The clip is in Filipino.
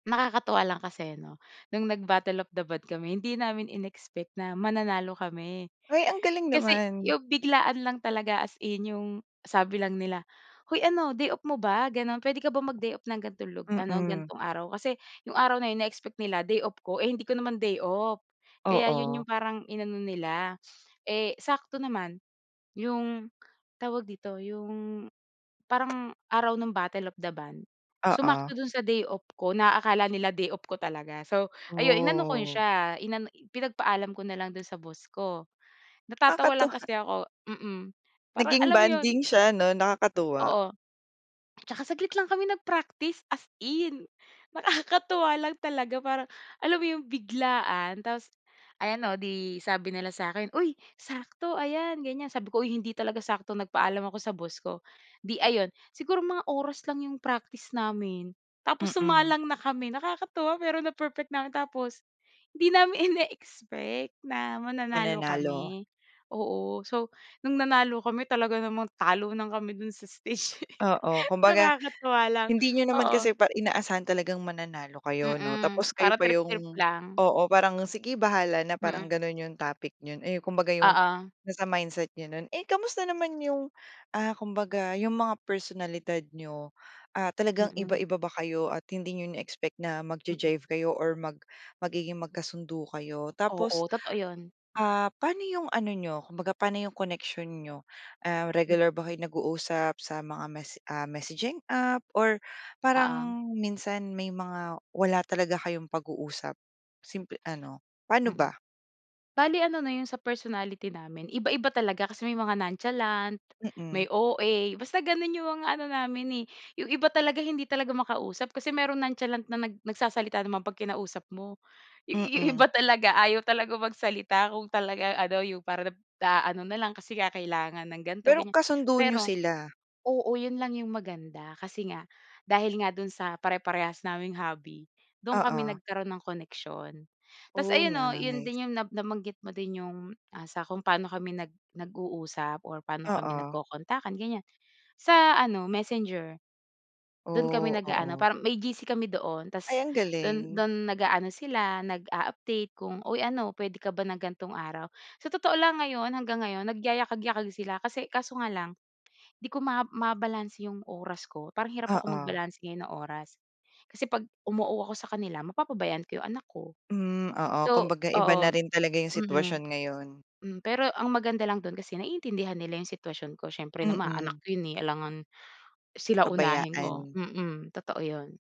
Nakakatuwa lang kasi no, nung nag Battle of the Band kami hindi namin inexpect na mananalo kami. Ay ang galing Kasi naman. yung biglaan lang talaga as in yung sabi lang nila, hoy ano day off mo ba? Ganun. Pwede ka ba mag-day off ng gantong lug ano Mm. gantong araw? Kasi yung araw na yun na-expect nila day off ko eh, hindi ko naman day off. Kaya yun Oo. yung parang inano nila, eh, sakto naman. Yung tawag dito yung, parang araw ng Battle of the Band Oo. sumakto dun sa day off ko na akala nila day off ko talaga. So ayun inano ko Oh. siya pinagpaalam ko na lang dun sa boss ko. Natatawa lang Nakakatuwa. kasi ako mm, parang Naging alam mo yun. bonding siya no? Nakakatuwa. Oo. Tsaka saglit lang kami nag-practice as in. Nakakatuwa lang talaga parang alam mo yung biglaan? Tapos, ayan o di sabi nila sakin, uy sakto ayan ganyan sabi ko uy hindi talaga sakto, nagpaalam ako sa boss ko. Di ayon siguro mga oras lang yung practice namin. Tapos Mm. sumalang na kami nakakatuwa pero na perfect namin. Tapos hindi namin ineexpect na mananalo Mananalo. kami. Oo, so nung nanalo kami talaga namang talunan kami dun sa stage. Oo kumbaga Nakakatuwa lang hindi niyo naman oo. kasi pa inaasahan talagang mananalo kayo no. Hmm, Tapos kayo para pa trip trip yung lang. oo parang sige bahala na parang Mm. ganun yung topic niyo eh, kumbaga yung Oo. nasa mindset niyo nun. Eh, kamusta naman yung, ah, kumbaga yung mga personalidad niyo? Ah, talagang Mm. iba-iba ba kayo at hindi niyo ine-expect na mag Mm. ja-jive kayo or mag magiging magkasundo kayo? Tapos, Oo totoo yun. ah, pano yung ano niyo kumbaga pano yung connection niyo? Ah, regular ba kayo nag-uusap sa mga mes ah, messaging app? Or Oo. parang minsan may mga wala talaga kayong pag-uusap simple ano, paano Mm. ba? Bale ano no yung sa personality namin iba-iba talaga kasi may mga nonchalant, may Mm. OA. Basta ganun yung mga ano namin eh, yung iba talaga hindi talaga makausap kasi merong nonchalant na nag nagsasalita naman pag kinausap mo. Yung Mm. iba talaga ayaw talagang magsalita kung talagang ano yung parang na naaano nalang kasi nga kailangan ng ganto Pero ganyan. kasundo niyo Pero sila? oo yun lang yung maganda kasi nga dahil nga dun sa pare-parehas naming hobby dun kami Oo. nagkaroon ng koneksyon. Tas Oh, ayun no yun nice. din yung na nabanggit mo din yung, ah, sa kung pano kami nag nag uusap or pano kami Oo. nagkokontakan ganyan. Sa ano Messenger. Dun kami Oh! nag-aano Oo. parang may GC kami doon Ay tas ang dun galing. dun nag-aano sila nag-a-update kung uy ano pwede ka ba ng gantong araw? Sa totoo lang ngayon hanggang ngayon nagayakag-yakag sila kasi kaso nga lang, hindi ko mab mabalanse yung oras ko parang hirap ako Oo. magbalanse ngayon ng oras. Kasi 'pag um-oo ako sakanila mapapabayan ko 'yong anak ko. Hmm, oo So kumbaga iba na oo rin talaga yung hmm. sitwasyon ngayon. Pero ang maganda lang dun kasi naiintindihan nila yung sitwasyon ko siiyempre naman anak Mm. ko yun eh, alangan sila unahin mo. Pabayaan. Mm totoo yon.